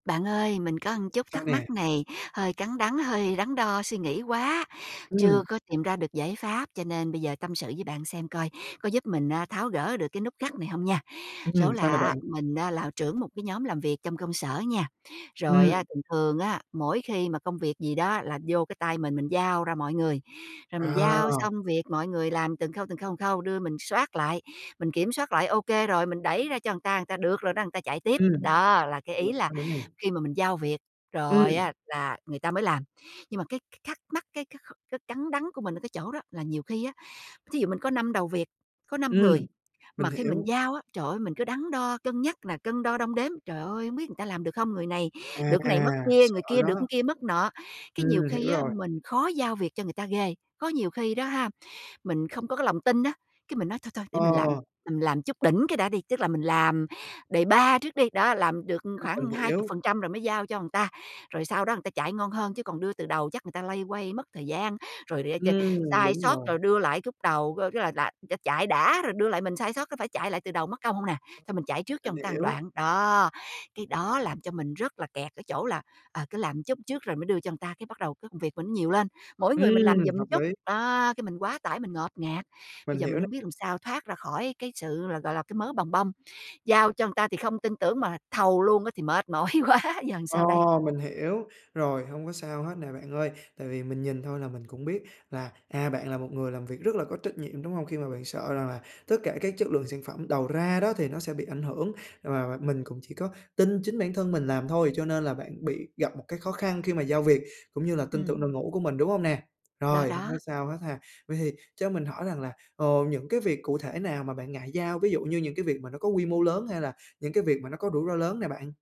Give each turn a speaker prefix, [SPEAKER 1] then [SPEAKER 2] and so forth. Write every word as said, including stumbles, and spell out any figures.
[SPEAKER 1] Bạn ơi, mình có ừn chút
[SPEAKER 2] Sao
[SPEAKER 1] thắc
[SPEAKER 2] nè?
[SPEAKER 1] mắc này hơi cắn đắn, hơi đắn đo suy nghĩ quá,
[SPEAKER 2] Ừm.
[SPEAKER 1] chưa có tìm ra được giải pháp, cho nên bây giờ tâm sự với bạn xem coi có giúp mình á tháo gỡ được cái nút gắt này hông nha. Số
[SPEAKER 2] Ừm, sao nè
[SPEAKER 1] là á,
[SPEAKER 2] bạn?
[SPEAKER 1] mình á là trưởng một cái nhóm làm việc trong công sở nha.
[SPEAKER 2] Ừm.
[SPEAKER 1] Rồi á thường thường á, mỗi khi mà công việc gì đó là vô cái tay mình, mình giao ra mọi người. Rồi mình giao
[SPEAKER 2] À!
[SPEAKER 1] xong việc, mọi người làm từng khâu, từng khâu, từng khâu, đưa mình soát lại, mình kiểm soát lại ô kê rồi, mình đẩy ra cho ừn ta, ừn ta: "Được rồi đó", ừn ta chạy tiếp,
[SPEAKER 2] Ừm,
[SPEAKER 1] đó, là cái ý
[SPEAKER 2] rồi
[SPEAKER 1] là
[SPEAKER 2] sao nữa nè?
[SPEAKER 1] khi mà mình giao việc rồi
[SPEAKER 2] Ừm.
[SPEAKER 1] á là người ta mới làm. Nhưng mà cái c thắc mắc, cái cái kh cái cắn đắn của mình ở cái chỗ đó là nhiều khi á, thí dụ mình có năm đầu việc, có năm người,
[SPEAKER 2] Ừm, mình
[SPEAKER 1] mà khi mình
[SPEAKER 2] hiểu.
[SPEAKER 1] giao á, trời ơi, mình cứ đắn đo cân nhắc nè, cân đo đong đếm, trời ơi, hông biết ừn ta làm được không, người này
[SPEAKER 2] À,
[SPEAKER 1] được cái mất
[SPEAKER 2] à,
[SPEAKER 1] kia,
[SPEAKER 2] sợ
[SPEAKER 1] người kia được
[SPEAKER 2] đó.
[SPEAKER 1] kia mất nọ. Cái nhiều
[SPEAKER 2] Ừm,
[SPEAKER 1] khi
[SPEAKER 2] hiểu
[SPEAKER 1] á,
[SPEAKER 2] rồi.
[SPEAKER 1] mình khó giao việc cho người ta ghê. Có nhiều khi đó ha, mình không có cái lòng tin á, cái mình nói: "Thôi, thôi, để mình làm", là
[SPEAKER 2] Ờ.
[SPEAKER 1] mình làm chút đỉnh cái đã đi, tức là mình làm đề-pa trước đi, đó, làm được
[SPEAKER 2] Ừm, mình
[SPEAKER 1] khoảng hai chục
[SPEAKER 2] hiểu.
[SPEAKER 1] phần trăm rồi mới giao cho ừn ta, rồi sau đó ừn ta chạy ngon hơn chứ còn đưa từ đầu chắc người ta loay hoay mất thời gian, rồi để ch
[SPEAKER 2] Ừm,
[SPEAKER 1] sai
[SPEAKER 2] đúng
[SPEAKER 1] sót,
[SPEAKER 2] rồi.
[SPEAKER 1] rồi đưa lại cúc đầu [unintelligible] tức là đã đã chạy đã rồi đưa lại mình sai sót có phải chạy lại từ đầu mất công hông nè, xong mình chạy trước cho
[SPEAKER 2] Mình
[SPEAKER 1] ừn ta một
[SPEAKER 2] hiểu.
[SPEAKER 1] đoạn. Đó, cái đó làm cho mình rất là kẹt ở chỗ là, ờ, cứ làm chút trước rồi mới đưa cho ừn ta, cái bắt đầu cái công việc mình nó nhiều lên, mỗi người mình làm
[SPEAKER 2] Ừm,
[SPEAKER 1] giùm
[SPEAKER 2] hợp
[SPEAKER 1] chút,
[SPEAKER 2] lý.
[SPEAKER 1] đó, cái mình quá tải mình ngột ngạt. Bây
[SPEAKER 2] Mình
[SPEAKER 1] giờ
[SPEAKER 2] hiểu
[SPEAKER 1] mình
[SPEAKER 2] nè.
[SPEAKER 1] hổng biết làm sao thoát ra khỏi cái sự là, gọi là, cái mớ bòng bong, giao cho ừn ta thì không tin tưởng mà thầu luôn á thì mệt mỏi quá, giờ
[SPEAKER 2] Ờ,
[SPEAKER 1] sao đây?
[SPEAKER 2] mình hiểu, rồi hông có sao hết nè bạn ơi, tại vì mình nhìn thôi là mình cũng biết là, à, bạn là một người làm việc rất là có trách nhiệm, đúng hông? Khi mà bạn sợ rằng là tất cả các chất lượng sản phẩm đầu ra đó thì nó sẽ bị ảnh hưởng và và mình cũng chỉ có tin chính bản thân mình làm thôi, cho nên là bạn bị gặp một cái khó khăn khi mà giao việc cũng như là tin tưởng
[SPEAKER 1] Ừm.
[SPEAKER 2] đội ngũ của mình, đúng hông nè?
[SPEAKER 1] Đó,
[SPEAKER 2] Rồi, không
[SPEAKER 1] đó.
[SPEAKER 2] có sao hết ha. Vậy thì cho mình hỏi rằng là, ờ, những cái việc cụ thể nào mà bạn ngại giao, ví dụ như những cái việc mà nó có quy mô lớn hay là những cái việc mà nó có rủi ro lớn nè bạn?